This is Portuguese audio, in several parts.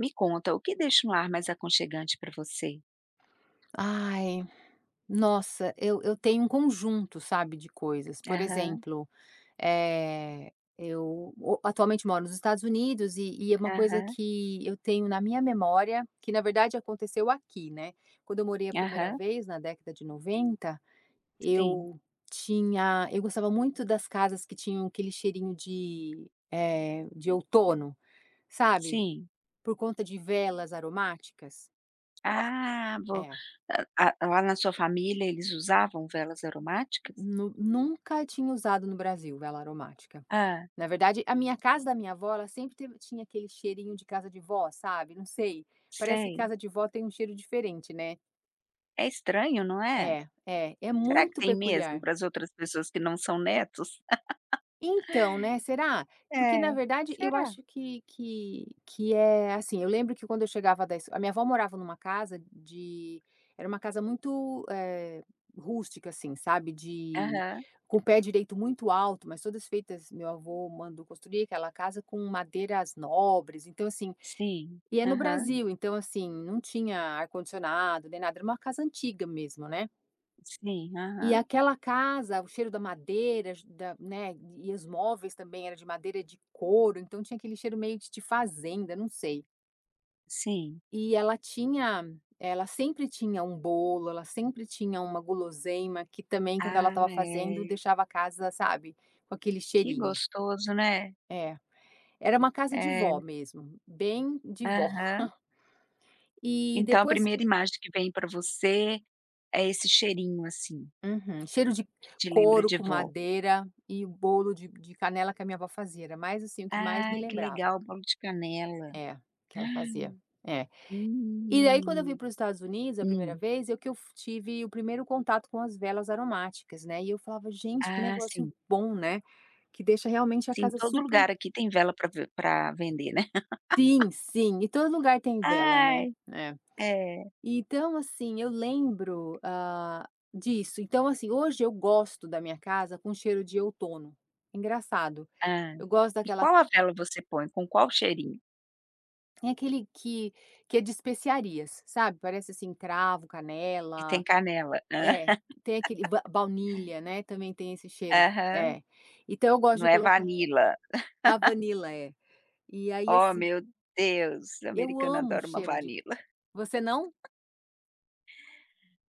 Me conta, o que deixa um lar mais aconchegante para você? Ai, nossa eu eu tenho um conjunto, sabe, de coisas. Por Aham. exemplo, eh, eu o atualmente moro nos Estados Unidos e e é uma coisa Aham. que eu tenho na minha memória, que, na verdade, aconteceu aqui, né, quando eu morei a 1ª Aham. vez na década de 90. Sim. Eu tinha eu gostava muito das casas que tinham aquele cheirinho de, eh, de outono, sabe, Sim. por conta de velas aromáticas? Ah, vou É. ah ah lá na sua família eles usavam velas aromáticas? Nu nunca tinha usado no Brasil vela aromática. Hã. Na verdade, a minha casa da minha avó ela sempre teve tinha aquele cheirinho de casa de vó, sabe, não sei, parece que Sei. casa de vó tem um cheiro diferente, né. É estranho, não é? É, é, é Será que muito tem mesmo peculiar. para as outras pessoas que não são netos? Então né, será? Porque, É, na verdade, eu será? acho que que que é assim. eu lembro que quando eu chegava das a minha avó morava numa casa de era uma casa muito, eh, rústica, assim, sabe, de Aham. com o pé direito muito alto, mas todas feitas meu avô mandou construir aquela casa com madeiras nobres, então, assim Sim, e é no aham. Brasil. Então assim, não tinha ar-condicionado nem nada, era uma casa antiga mesmo, né. Sim, E aham. aquela casa o cheiro da madeira da né, e os móveis também era de madeira de couro, então tinha aquele cheiro meio de de fazenda, não sei. Sim. E ela tinha ela sempre tinha um bolo, ela sempre tinha uma guloseima que também quando ela Ah, estava fazendo é. deixava a casa, sabe, com aquele Que cheirinho. gostoso, né. É, era uma casa de vó É. mesmo, bem de vó. Aham. E Então a depois 1ª que imagem que vem para você é esse cheirinho assim Uhum, cheiro de te lembra couro de com vó. madeira e bolo de de de canela que a minha vó fazia, era mais assim o que mais me Ah, que lembrava. legal bolo de canela. É, que ela fazia, é. E aí quando eu vim Hum. para os Estados Unidos, a 1ª Hum. vez é o que f tive o 1º contato com as velas aromáticas, né. E eu falava: "Gente, que Ah, negócio sim. bom, né", que deixa realmente a Sim, casa todo super lugar aqui tem vela para v para vender, né? Sim, sim, em todo lugar tem vela, né. Ai. É. É. Então, assim eu lembro, hã, disso. Então, assim, hoje eu gosto da minha casa com cheiro de outono. Engraçado, Hã, eu gosto e daquela qual a vela você põe, com qual cheirinho? Tem aquele que que é de especiarias, sabe. Parece assim cravo, E tem canela. canela. É, tem aquele va baunilha, né, também tem esse cheiro, Aham. é. Então eu gosto Não de é colocar Vanilla? Ah, vanila, é. E aí Ó, assim meu Deus! Eu Americano amo adora uma cheiro de Vanilla. você não?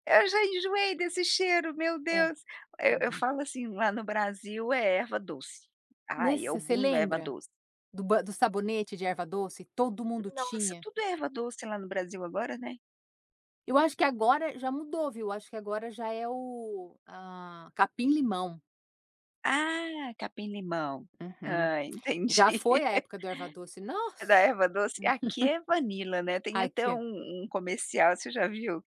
Eu já enjoei desse cheiro, meu É. Deus. Eu eu Uhum. falo assim: "Lá no Brasil é erva doce." ai, é o Nesse, você bum da erva lembra? doce. Do ba do sabonete de erva-doce, todo mundo Nossa, tinha. tudo é erva-doce lá no Brasil agora, né. Eu acho que agora já mudou, viu, eu acho que agora já é, o, hã, capim-limão. Ah, capim-limão. Uhum. Hã, entendi. Já foi a época do erva-doce, Da nossa! erva doce aqui é vanila, né, tem até Aqui um um comercial você já viu?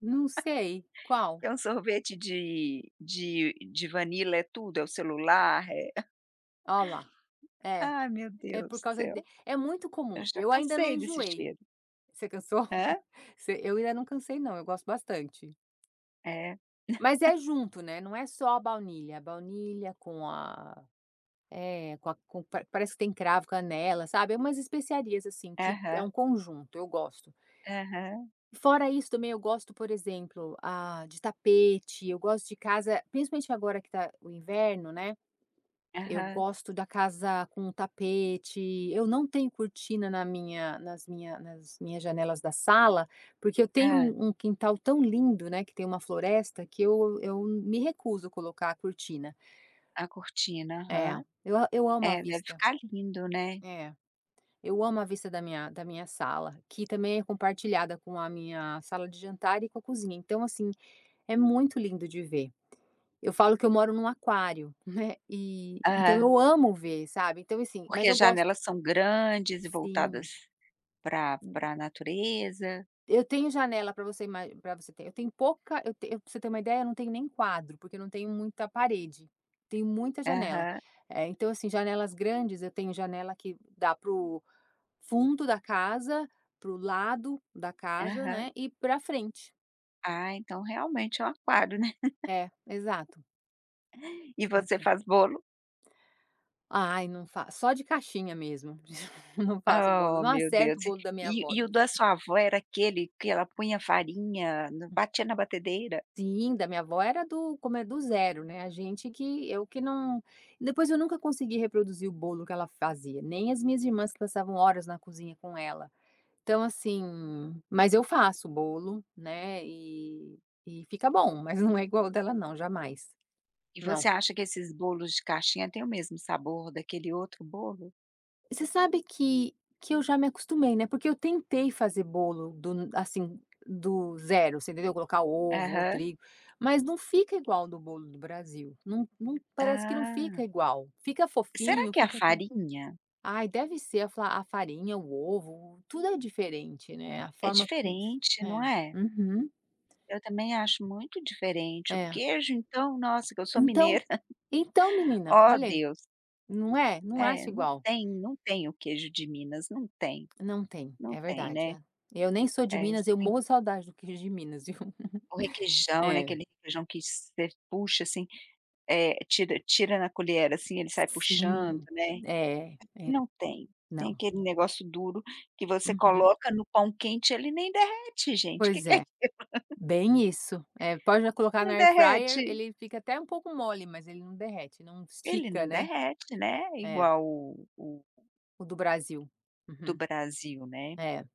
Não sei, qual? É um sorvete de de de vanila é tudo, é o celular, é Ó, lá, é, Ah, meu é por Deus do causa de céu. é muito Eu comum, já eu ainda não cansei desse enjoei. cheiro. Você cansou? Hã? Você eu ainda não cansei não, eu gosto bastante. É. Mas é junto, né, não é só a baunilha. A baunilha com a é, com a com parece que tem cravo, canela sabe, é umas especiarias, assim, que é um Aham. conjunto, eu gosto. Aham. Fora isso também eu gosto por exemplo, ah, de tapete, eu gosto de casa principalmente agora que tá o inverno, né. Eu Aham. gosto da casa com tapete, eu não tenho cortina na minha nas minha nas minhas janelas da sala, porque eu tenho Hã. um um quintal tão lindo, né, que tem uma floresta que eu eu me recuso a colocar a cortina. A cortina, É, aham. eu a eu amo a É, deve vista. ficar lindo, né. É, eu amo a vista da minha da minha sala, que também é compartilhada com a minha sala de jantar e com a cozinha então assim, é muito lindo de ver. Eu falo que eu moro em um aquário, né, e, então Aham. eu amo ver sabe. Então assim Porque mas as eu gosto. janelas são grandes e Sim. voltadas pra pra natureza? Eu tenho janela pra você ima pra você ter eu tenho pouca eu ten eu pra você ter uma ideia eu não tenho nem quadro, porque eu não tenho muita parede. Tenho muita janela, Aham. é então assim janelas grandes eu tenho janela que dá para o fundo da casa, para o lado da casa, né, Aham. e pra frente. Ah, então realmente é um aquário, né. É, exato. E você Então. faz bolo? Ai não fa só de caixinha mesmo, não faço bolo, Ó não meu Deus, acerto o bolo da minha e avó, e o não da chega. sua avó era aquele que ela punha farinha, batia na batedeira? Sim, da minha avó era do como é do 0, né, a gente que eu que não depois eu nunca consegui reproduzir o bolo que ela fazia, nem as minhas irmãs que passavam horas na cozinha com ela. Então assim, mas eu faço bolo, né, e e fica bom mas não é igual o dela não jamais, E não. você acha que esses bolos de caixinha têm o mesmo sabor daquele outro bolo? Você sabe que que eu já me acostumei, né, porque eu tentei fazer bolo do assim, do 0 você entendeu, colocar ovo ou Aham. trigo, mas não fica igual do bolo do Brasil, não não parece que não Ah. fica igual, fica Será fofinho, que é a fica [unintelligible] farinha? ai deve ser a fa a farinha, o ovo, tudo é diferente, né, a É forma como. diferente, não É. é? Uhum. Eu também acho muito diferente o É. queijo então nossa que eu sou Então mineira. então menina, Oh, olha aí, Deus. não é. Não É, acha não igual. tem, não tem o queijo de Minas, não tem. Não tem, Não é tem, verdade. né. Eu nem sou de É Minas, você eu tem morro a saudade do queijo de Minas, viu. O requeijão, né, É. aquele requeijão que você puxa assim, eh, tira tira na colher assim ele sai puxando, Sim, né, é, é, aqui não tem, tem não. aquele negócio duro que você Uhum. coloca no pão quente ele nem derrete gente, que Pois que é é, isso. bem isso, é pode colocar na Não air fryer, derrete. ele fica até um pouco mole mas ele ele não derrete, não Ele estica, não né. derrete, né, É. igual o o O do Brasil. do Uhum. Brasil, né. É.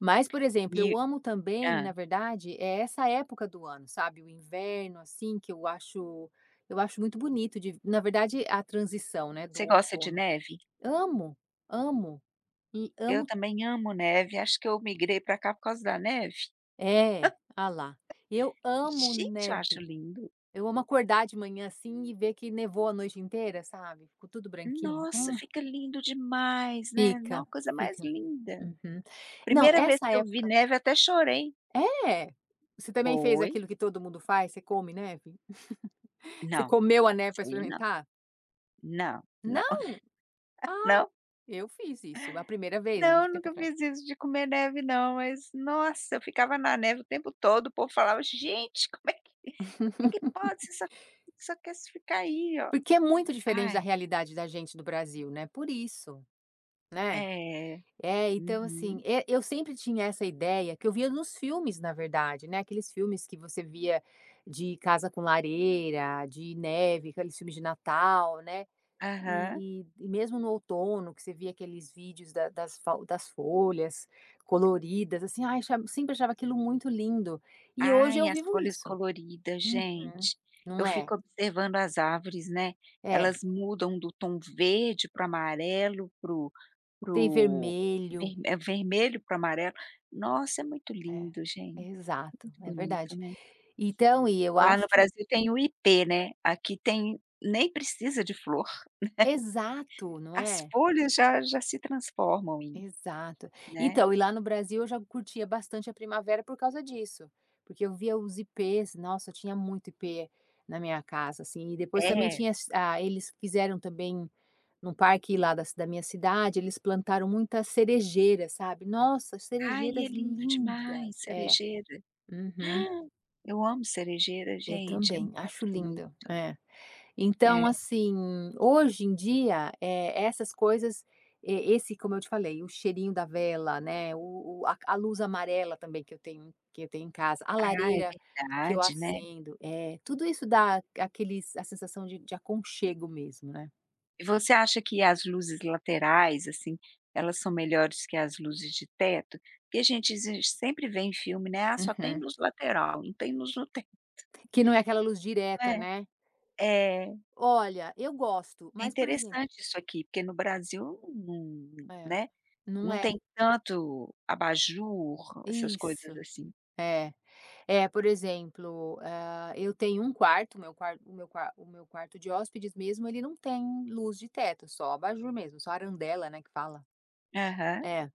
Mas por exemplo E eu amo também Hã. na verdade é essa época do ano sabe, o inverno assim que eu acho eu acho muito bonito de na verdade a transição, né, do Você gosta de outono. neve? Amo, amo, e Eu amo também amo neve, acho que eu migrei para cá por causa da neve. É, olha lá, eu amo Gente eu acho neve, lindo. eu amo acordar de manhã assim e ver que nevou a noite inteira sabe, ficou tudo branquinho. Nossa Ah. fica lindo demais, né, Fica, nossa coisa mais fica. linda. Uhum. Não, Primeira vez essa que eu vi época. neve até chorei. É? Você também fez Foi. aquilo que todo mundo faz, você come neve? Você Não, comeu a neve para sei não. experimentar? Não, Não? não. Ah, Não. eu fiz isso a primeira vez, muito Não tempo nunca atrás. fiz isso de comer neve não, mas nossa eu ficava na neve o tempo todo o povo falava: "Gente, como é que como é que pode, você só você só quer você ficar aí ó!". Porque é muito diferente Ai. da realidade da gente do Brasil, né, por isso, né. É. É, então assim, Uhum. eh, eu sempre tinha essa ideia que eu via nos filmes na verdade, né, aqueles filmes que você via de casa com lareira, de neve, aqueles filmes de Natal, né. Aham. E e e mesmo no outono que você via aqueles vídeos da das fau das folhas coloridas, assim, ai, sempre achava aquilo muito lindo, e hoje Ai eu as vivo folhas isso. coloridas Uhum. gente, eu Não é. fico observando as árvores, né, É. elas mudam do tom verde para amarelo para o para Tem o vermelho. é vermelho para o amarelo, nossa é muito É, lindo gente, exato, muito é bonito, verdade. né. Então e eu Lá no acho Brasil tem o ipê, né, aqui tem nem precisa de flor, Exato, né. não As é. folhas já já se transformam em Exato. né. Então e lá no Brasil eu já curtia bastante a primavera por causa disso, porque eu via os Ipês, nossa tinha muito Ipê na minha casa assim e depois também É. tinha as eles quiseram também num parque lá da ci da minha cidade eles plantaram muitas cerejeiras, sabe. Nossa Ai é cerejeiras lindo demais, lindas, é. cerejeira. Uhum. Eu amo cerejeira Eu gente, é muito também acho lindo, bonito. é. Então É. assim, hoje em dia, eh, essas coisas, e esse como eu te falei o cheirinho da vela, né, o o a ca a luz amarela também que eu tenho que eu tenho em casa, a Ah é lareira que eu verdade, né. acendo, é, tudo isso dá aqueles a sensação de de aconchego mesmo, né. E você acha que as luzes laterais assim, elas são melhores que as luzes de teto? Porque a gente sempre vê em filme, né. "Ah, só tem Aham. luz lateral, não tem luz no teto." Que não é aquela luz Não direta, é? né. é. Olha, eu gosto É mas por exemplo interessante isso aqui porque no Brasil num, Ah é, né, num não é? tem tanto abajur, essas coisas Isso, assim. é. É por exemplo, ah, eu tenho um quarto, o meu quanto o meu qua o meu quarto de hóspedes mesmo, ele não tem luz de teto, só abajur mesmo, só a arandela, né, que fala. Aham. É,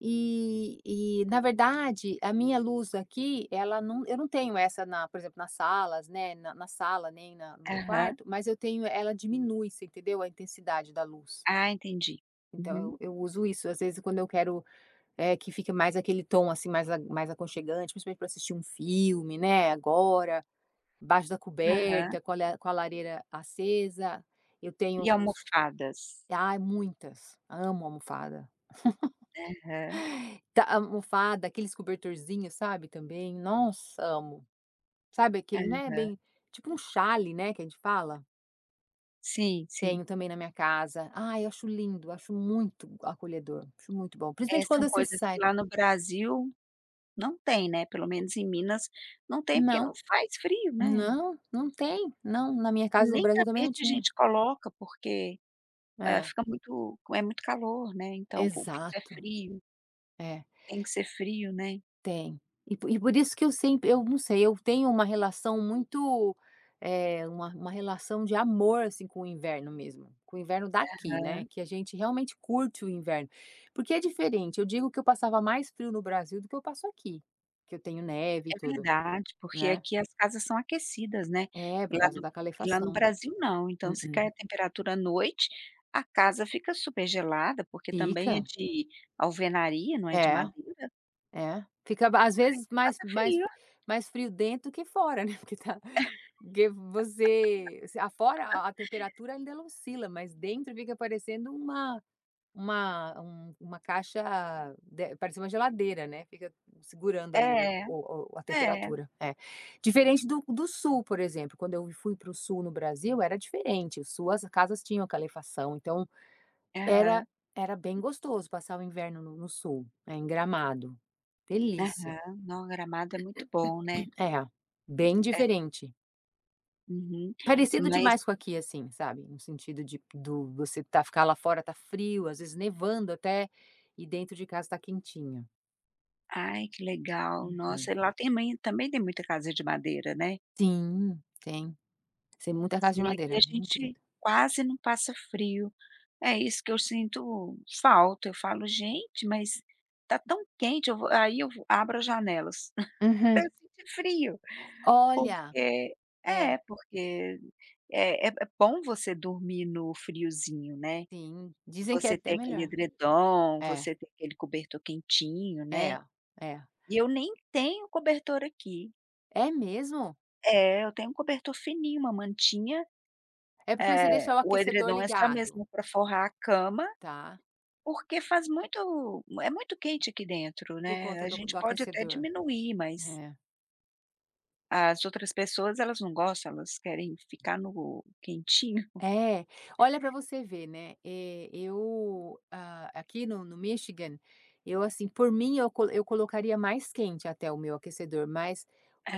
e e na verdade a minha luz aqui ela num eu não tenho essa na por exemplo nas salas, né, na na sala nem na no meu Aham. quarto, mas eu tenho ela diminui você entendeu a intensidade da luz. Ah entendi, Então, uhum. eu uso isso às vezes quando eu quero, eh, que fique mais aquele tom assim, mais mais aconchegante principalmente pra assistir um filme, né, agora, embaixo da Aham. coberta, com a la com a lareira acesa, eu tenho E os almofadas? Ai muitas! Amo almofada. Aham. Tá almofada, aqueles cobertorzinho, sabe, também, nossa amo! Sabe aquele, Aham. né, bem tipo um xale, né, que a gente fala? Sim sim. Tenho também na minha casa, ai eu acho lindo, acho muito acolhedor, acho muito bom, É principalmente são quando você coisas que sai. lá no Brasil não tem né pelo menos em Minas não tem porque não Não, faz frio né. não, não tem, não, na minha casa no Nem Brasil também não tapete a tinha. gente coloca porque é, É. fica muito é muito calor né então o piso é Exato. frio. É. Tem que ser frio né. Tem, e e por isso que eu sempre eu não sei eu tenho uma relação muito, é uma uma relação de amor, assim, com o inverno mesmo, com o inverno daqui né, Aham. que a gente realmente curte o inverno. Porque é diferente, eu digo que eu passava mais frio no Brasil do que eu passo aqui, porque eu tenho neve e É tudo, verdade porque né. aqui as casas são aquecidas né, É por lá causa no da e lá no calefação. Brasil não então Hum se hum. cair a temperatura à noite, a casa fica super gelada porque também é Fica. de alvenaria, não é de É, madeira. é. Fica às Aí vezes você mais passa mais frio. mais frio dentro do que fora né porque está, porque você, afora a temperatura ainda não oscila mas dentro fica parecendo uma uma uma caixa, de parece uma geladeira né fica segurando ali o É, o a é. temperatura, é. Diferente do do Sul por exemplo quando eu fui para o Sul no Brasil era diferente, o Sul as casas tinham aquela calefação então, era Aham. era bem gostoso passar o inverno no no Sul, é em Gramado, delícia. Aham, não, a Gramado é muito bom, né. Aham. É bem É. diferente. Uhum, Parecido mais... demais com aqui, assim, sabe. No sentido de do você tar ficar lá fora, tá frio, às vezes nevando até, e dentro de casa está quentinho. Ai, que legal! Uhum. Nossa, lá tem bem também tem muita casa de madeira, né? Sim, tem. Tem muita casa Assim, de aqui madeira, a muito gente linda. quase não passa frio. É isso que eu sinto falta. Eu falo: "Gente, mas está tão quente, eu vou", aí, eu abro as janelas, para eu Uhum. sentir frio. Olha! Porque É. é porque é é bom você dormir no friozinho, né. Sim, dizem que é Você até ter aquele melhor. edredom, É. você ter aquele cobertor quentinho, né. É, é. E eu nem tenho cobertor aqui. É mesmo? É, eu tenho um cobertor fininho, uma mantinha, É, porque você eh, deixa o o aquecedor edredom é só ligado. mesmo para forrar a cama, Tá. porque faz muito é muito quente aqui dentro, Por né, conta a do gente do pode até aquecedor. diminuir, mas É. as outras pessoas, elas não gostam. Elas querem ficar no quentinho. É, olha para você ver, né, eu, ah, aqui no no Michigan, eu assim, por mim, eu col eu colocaria mais quente até o meu aquecedor. Mas,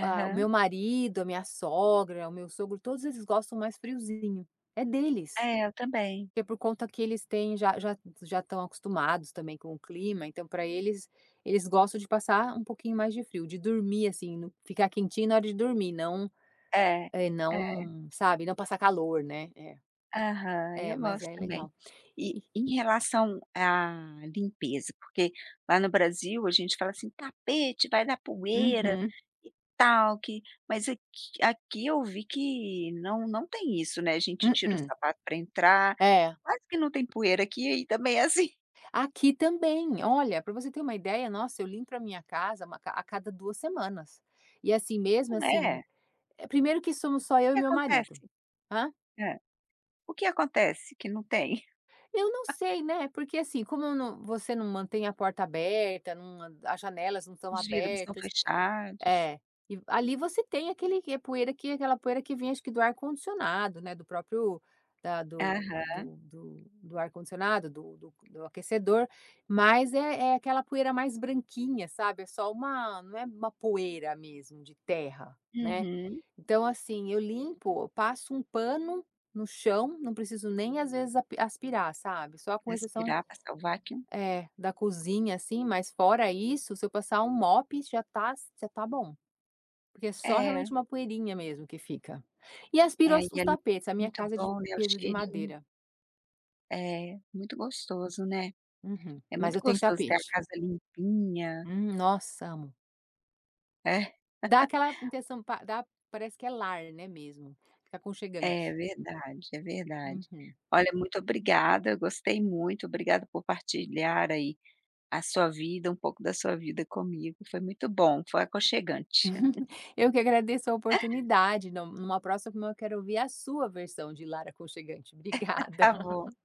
ah, o meu marido, a minha sogra, o meu sogro, todos eles gostam mais friozinho, é deles. É, eu também. Que é por conta que eles têm já já já estão acostumados, também, com o clima, então para eles eles gostam de passar um pouquinho mais de frio, de dormir, assim, ficar quentinho na hora de dormir. Não, É, eh, é. não, sabe, não passar calor, né é. Aham, É, eu mas gosto é também. legal. E, E em relação à limpeza, porque lá no Brasil a gente fala assim: "Tapete vai dar poeira," Uhum. e tal que mas aqui aqui eu vi que não não tem isso, né. A gente tira o mm-mm. sapato para entrar, É. quase que não tem poeira aqui, e também é assim Aqui também. Olha, para você ter uma ideia nossa, eu limpo para minha casa uma a cada 2 semanas, e assim mesmo assim. Né. Eh, primeiro que somos só O eu e que meu acontece? marido hã? Hã? O que acontece que não tem? Eu não sei, né, porque assim como eu não você não mantém a porta aberta, não as janelas não estão Os vidros estão abertas fechados. é, e ali você tem aquele poeira que aquela poeira que vem, acho que do ar-condicionado, né. Do próprio da do Aham. do do ar-condicionado, do do do aquecedor, mas é é aquela poeira mais branquinha, sabe, é só uma não é uma poeira mesmo de terra, né. Uhum. Então assim, eu limpo, eu passo um pano no chão, não preciso nem às vezes api aspirar, sabe. Só com exceção, Respirar, passar vacuum. eh, da cozinha, assim. Mas, fora isso, se eu passar um mop, já está já está bom. Porque é só realmente É. uma poeirinha mesmo que fica. E É, aspirou e os ali, tapetes, a minha muito casa é de bom. É, o piso de cheirinho. madeira. É, muito gostoso, né. Uhum, É mas muito eu tenho gostoso ter a tapete. casa limpinha. Hum, nossa, amo. É. Dá aquela intenção pa dá parece que é lar, né, mesmo fica aconchegante. É verdade é verdade. Uhum. Olha, muito obrigada, gostei muito. Obrigada por partilhar, aí, a sua vida um pouco da sua vida comigo. Foi muito bom, foi aconchegante. Eu que agradeço a oportunidade. No numa próxima, eu quero ouvir a sua versão de Lar Aconchegante. Obrigada. Tá bom.